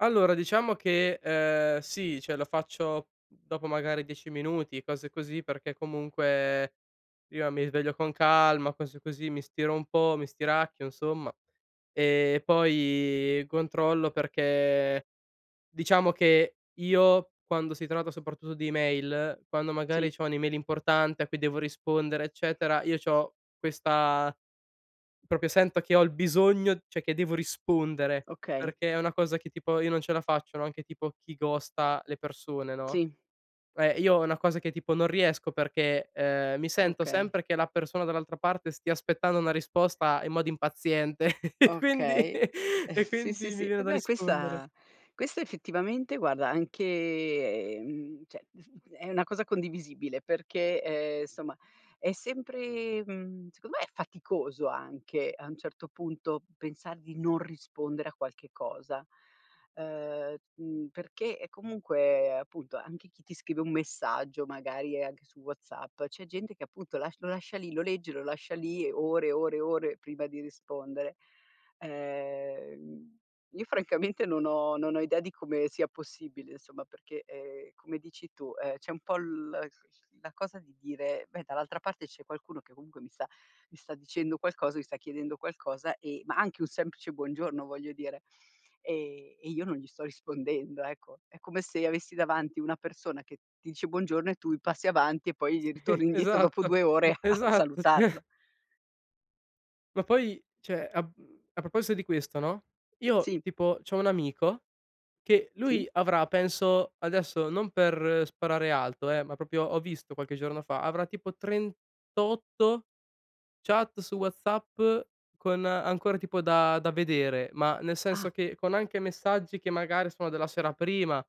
Allora diciamo che, ehm, sì, cioè lo faccio dopo magari 10 minuti, cose così, perché comunque io mi sveglio con calma, cose così, mi stiro un po', mi stiracchio insomma. Ehm, poi controllo perché diciamo che io quando si tratta soprattutto di email, quando Sì. magari c'ho un'email importante a cui devo rispondere eccetera, io c'ho questa proprio sento che ho il bisogno cioè che devo rispondere, Okay. perché è una cosa che tipo io non ce la faccio, no, anche tipo chi ghosta le persone, no. Sì. Eh, io è una cosa che tipo non riesco perché, ehm, mi sento Okay. sempre che la persona dall'altra parte stia aspettando una risposta in modo impaziente e quindi Okay. e Sì, sì, quindi mi sì. viene Eh da beh, rispondere. questa questo effettivamente guarda anche mhmm, cioè è una cosa condivisibile perché, ehm, insomma, è sempre mhmm, secondo me è faticoso anche a un certo punto pensar di non rispondere a qualche cosa. Uhm, mhmm, perché è comunque appunto anche chi ti scrive un messaggio, magari, ehm, anche su WhatsApp, c'è gente che appunto lasc lo lascia lì, lo legge, lo lascia lì ore, ore, ore prima di rispondere. Ehm, io francamente non ho non ho idea di come sia possibile insomma, perché, ehm, come dici tu, ehm, c'è un po' l la cosa di dire: "Beh, dall'altra parte c'è qualcuno che comunque mi sta mi sta dicendo qualcosa, mi sta chiedendo qualcosa e" ma anche un semplice buongiorno voglio dire, ehm, "e io non gli sto rispondendo." Ecco. È come se io avessi davanti una persona che ti dice "buongiorno" e tu passi avanti e poi ritorni indietro dopo Esatto, 2 ore a esatto, sì. salutarlo. Ma poi, cioè, a mhmm, a proposito di questo, no, io Sì. tipo c'ho un amico che Sì. lui avrà penso adesso non per sparare alto, eh, ma proprio ho visto qualche giorno fa, avrà tipo 38 chat su WhatsApp con ancora tipo da da vedere, ma nel senso Ah. che con anche messaggi che magari sono della sera prima.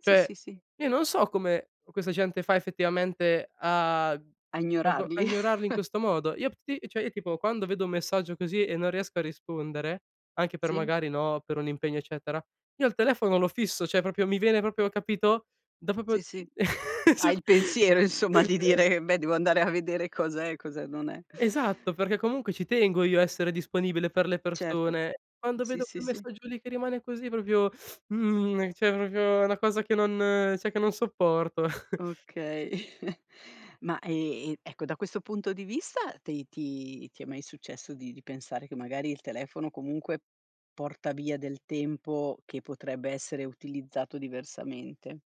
Sì, sì, Cioè, sì. io non so come questa gente fa effettivamente a A a go a ignorarli. ignorarli in questo modo. Io [unintelligible] ti cioè io tipo quando vedo un messaggio così e non riesco a rispondere, anche per Sì. magari, no, per un impegno eccetera, io il telefono lo fisso, cioè proprio mi viene proprio capito, da proprio Sì, sì. Hai il [unintelligible] pensiero, insomma, di dire: "Beh, devo andare a vedere cosa è, cosa non è." Esatto, perché comunque ci tengo io a essere disponibile per le Certo, mh, persone. Quando sì, vedo sì, quel sì. messaggio lì che rimane così proprio mhmm, cioè proprio è una cosa che non cioè che non sopporto. Okay. Ma, ehm, ecco, da questo punto di vista te ti ti è mai successo di di pensare che magari il telefono comunque porta via del tempo che potrebbe essere utilizzato diversamente?